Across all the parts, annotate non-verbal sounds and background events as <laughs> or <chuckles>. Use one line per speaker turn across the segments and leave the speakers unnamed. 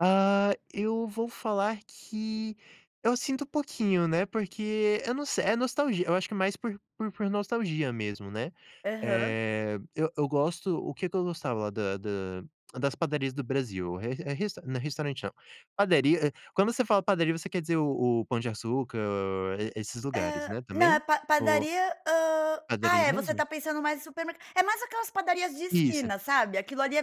Ah, eu vou falar que eu sinto um pouquinho, né, porque eu não se é nostalgi eu acho que mais por por por nostalgia mesmo, né?
Aham.
Eh, eu eu gosto o que que eu gostava da da das padarias do Brasil? Re re não restaurante não, padaria quando você fala padaria você quer dizer o o Pão de Açúcar, hã, esses lugares,
Hã
né,
na
também?
pa
Ou
padaria, hum ah
Padaria
é, você
mesmo?
está pensando mais em supermer é mais aquelas padarias de
Isso.
esquina, sabe? Aquilo ali é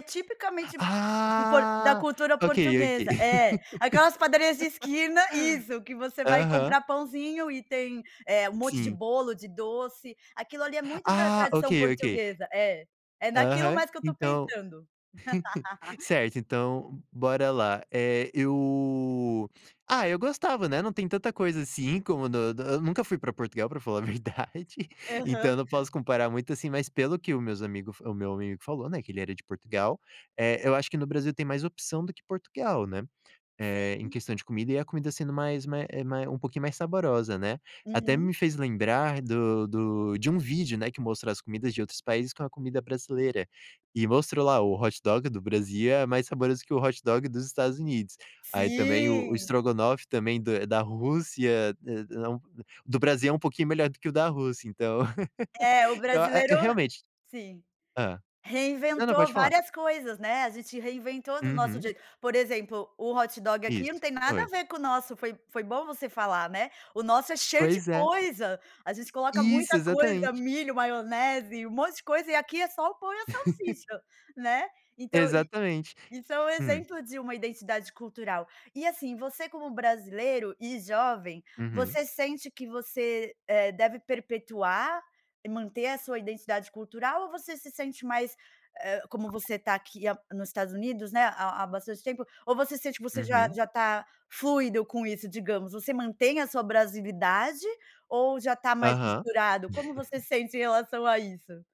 <gasps>
tipicamente p por da
Ah,
cultura
okay, okay.
portuguesa. É. Aquelas padarias de esquina isso, que
<laughs>
você vai
Aham.
comprar pãozinho e tem, eh, um monte de
Sim.
bolo, de doce. Aquilo ali é
<gasps>
muito da
Ah,
tradição
okay, okay.
portuguesa é. É naquilo
Aham,
mais que eu estou
então.
pensando.
<giggles>
<laughs>
Certo, então, bora lá. Eh, eu ah, eu gostava, né. Não tem tanta coisa assim como no do eu nunca fui pra Portugal, pra falar a verdade, então
Aham.
eu não posso comparar muito assim, mas pelo que o meus amigo o meu amigo falou, né, que ele era de Portugal, eh, eu acho que no Brasil tem mais opção do que Portugal, né, eh, em
Sim.
questão de comida, e a comida sendo mais ma é mai um pouquinho mais saborosa, né? Até
Uhum.
me fez lembrar do do de um vídeo, né, que mostra as comidas de outros países com a comida brasileira, e mostrou lá o hot dog do Brasil é mais saboroso que o hot dog dos Estados Unidos. Aí também o o
Sim.
strogonoff também da da Rússia, n não do Brasil é um pouquinho melhor do que o da Rússia, então. <giggles>
É, o
Então, a é,
brasileiro
realmente
sim.
hã? Não, não, pode
Reinventou
falar.
várias coisas, né? A gente reinventou do nosso
Uhum.
jeito. Por exemplo, o hot dog aqui
Isso,
não tem nada a
foi.
ver com o nosso. Foi foi bom você falar, né? O nosso é cheio de
Pois é.
coisa, a gente coloca
Isso,
muita coisa,
exatamente.
milho, maionese, um monte de coisa e aqui é só o pão e a
<giggles>
salsicha, né, então i
Exatamente.
isso é um
Hum.
exemplo de uma identidade cultural. E assim, você como brasileiro e jovem,
Uhum.
você sente que você, eh, deve perpetuar e manter a sua identidade cultural ou você se sente mais, eh, como você tá aqui há nos Estados Unidos, né, há há bastante tempo? Ou você sente que você já
Uhum.
já tá fluido com isso, digamos? Você mantém a sua brasilidade ou já tá mais
Aham.
misturado? Como você
<chuckles>
sente em relação a isso?